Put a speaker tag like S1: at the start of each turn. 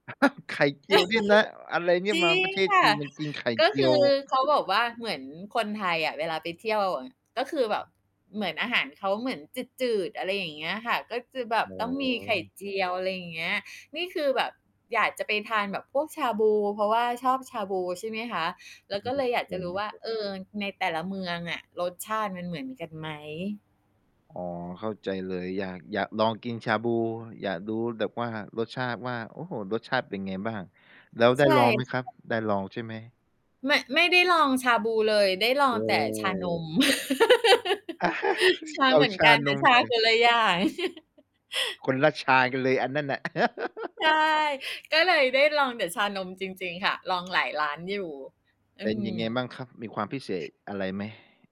S1: อ้าว ไข่เจียวเนี้ยนะ อะไรเนี่
S2: จ
S1: ย
S2: ร
S1: ม
S2: ิ
S1: าปร
S2: ง
S1: ะเทศ
S2: ค
S1: จ
S2: ่
S1: ี
S2: ะ
S1: นมากินไข่
S2: ก็
S1: เจี
S2: ค
S1: ย
S2: ื
S1: ว
S2: อเขาบอกว่าเหมือนคนไทยอะเวลาไปเที่ยวอะ ก็คือแบบเหมือน อาหารเขาเหมือนจืด ๆ อะไรอย่างเงี้ยค่ะ ก็จะแบบ
S1: อ๋อ
S2: ต้องมีไข่เจียว อะไรอย่างเงี้ย นี่คือแบบอยากจะไปทานแบบพวกชาบู เพราะว่าชอบชาบู ใช่ไหมคะ แ
S1: อ
S2: ล้ว
S1: ื
S2: ก็เ
S1: อ
S2: ลย
S1: ครั
S2: อย
S1: บ
S2: าก
S1: ผ
S2: จะ
S1: ม
S2: รู้ว่า เออ ในแต่ละเมืองอะ รสชาติมันเหมือนกันไหม?
S1: อ๋อ เข้าใจเลย อยาก อยากลองกินชาบู อยากดูแบบว่า รสชาติว่า โอ้โฮ รสชาติเป็นไงบ้าง แล้วไ
S2: ใ
S1: ด
S2: ช
S1: ้
S2: ่
S1: ลองไหมครับ
S2: [unintelligible]
S1: ได้ลองใช่ไหม?
S2: ไม่ ไม่ได้ลองชาบูเลย ได้ลอ
S1: โอ
S2: ง
S1: ้
S2: แต
S1: โ
S2: ่ชาน
S1: ฮ
S2: ม ชา
S1: เอ
S2: เ
S1: า
S2: หมือน
S1: ช
S2: ก
S1: า
S2: ัน แต
S1: น
S2: ่
S1: ม
S2: ชา
S1: สิ
S2: คนละอย่าง
S1: คนละชากันเลย อันนั้นน่ะ
S2: ใช่ ก็เลยได้ลองแต่ชานมจริง ๆ ค่ะ ลองหลายร้านอยู่ อื
S1: เป็นยังไง
S2: ม
S1: บ้างครับ มีความพิเศษอะไรไหม?